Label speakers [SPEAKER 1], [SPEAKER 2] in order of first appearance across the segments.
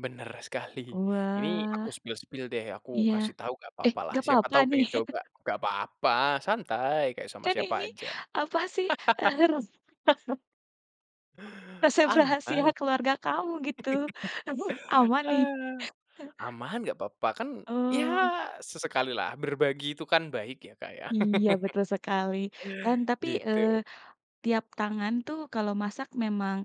[SPEAKER 1] Bener sekali, ini
[SPEAKER 2] Wah.
[SPEAKER 1] aku spill-spill deh, aku
[SPEAKER 2] Iya.
[SPEAKER 1] kasih tahu nggak
[SPEAKER 2] Eh,
[SPEAKER 1] papalah,
[SPEAKER 2] nggak
[SPEAKER 1] siapa
[SPEAKER 2] papa,
[SPEAKER 1] tahu
[SPEAKER 2] nih?
[SPEAKER 1] pengen coba nggak papa, santai, kayak sama
[SPEAKER 2] Kan
[SPEAKER 1] siapa
[SPEAKER 2] ini
[SPEAKER 1] aja.
[SPEAKER 2] apa sih, eee resep rahasia
[SPEAKER 1] Aman.
[SPEAKER 2] keluarga kamu, gitu. Emang nih?
[SPEAKER 1] Ah. Aman, nggak papa kan ya,
[SPEAKER 2] Oh.
[SPEAKER 1] sesekalilah berbagi itu kan baik ya, Kak, ya.
[SPEAKER 2] Iya, betul sekali. Tan tapi,
[SPEAKER 1] Gitu.
[SPEAKER 2] eee, tiap tangan tuh kalau masak memang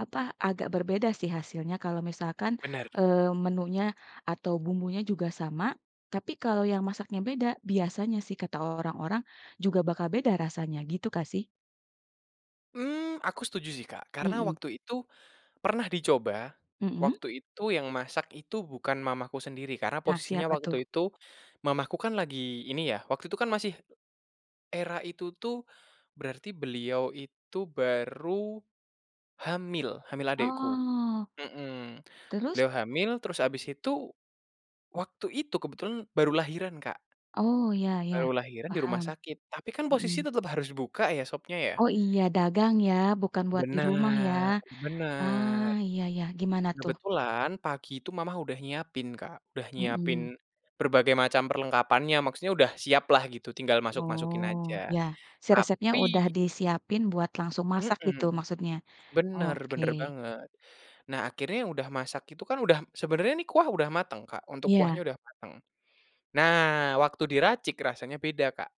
[SPEAKER 2] apa agak berbeda sih hasilnya, kalau misalkan,
[SPEAKER 1] Bener.
[SPEAKER 2] eee, menunya atau bumbunya juga sama tapi kalau yang masaknya beda, biasanya sih kata orang-orang juga bakal beda rasanya, gitu kah sih?
[SPEAKER 1] Mmm, aku setuju sih, Kak, karena
[SPEAKER 2] Mhm.
[SPEAKER 1] waktu itu pernah dicoba,
[SPEAKER 2] Mhm.
[SPEAKER 1] waktu itu yang masak itu bukan mamaku sendiri karena
[SPEAKER 2] Nah,
[SPEAKER 1] posisinya
[SPEAKER 2] siapa tuh?
[SPEAKER 1] waktu itu mamaku kan lagi ini ya, waktu itu kan masih era itu tuh, berarti beliau itu baru hamil, hamil adikku,
[SPEAKER 2] Oh.
[SPEAKER 1] heeh,
[SPEAKER 2] Terus?
[SPEAKER 1] beliau hamil, terus habis itu waktu itu kebetulan baru lahiran, Kak.
[SPEAKER 2] Oh, ya
[SPEAKER 1] Baru
[SPEAKER 2] ya,
[SPEAKER 1] lahiran di rumah
[SPEAKER 2] paham.
[SPEAKER 1] sakit, tapi kan posisi
[SPEAKER 2] Mhm.
[SPEAKER 1] tetap harus buka ya, sopnya, ya.
[SPEAKER 2] Oh, iya, dagang ya, bukan buat di rumah ya.
[SPEAKER 1] Benar, benar.
[SPEAKER 2] Ah, ya ya, gimana, tuh?
[SPEAKER 1] Kebetulan pagi itu mama udah nyiapin, Kak, udah nyiapin
[SPEAKER 2] Heeh.
[SPEAKER 1] berbagai macam perlengkapannya, maksudnya, udah siap lah gitu, tinggal masuk-masukin aja,
[SPEAKER 2] Oh, ya, si resepnya
[SPEAKER 1] tapi
[SPEAKER 2] udah disiapin buat langsung masak,
[SPEAKER 1] Heeh.
[SPEAKER 2] gitu, maksudnya? Oh,
[SPEAKER 1] Bener,
[SPEAKER 2] oke.
[SPEAKER 1] bener banget. Nah, akhirnya udah masak itu kan, udah sebenarnya, kuah udah mateng, Kak, untuk kuahnya
[SPEAKER 2] Iya.
[SPEAKER 1] udah mateng. Nah, waktu diracik rasanya beda, Kak.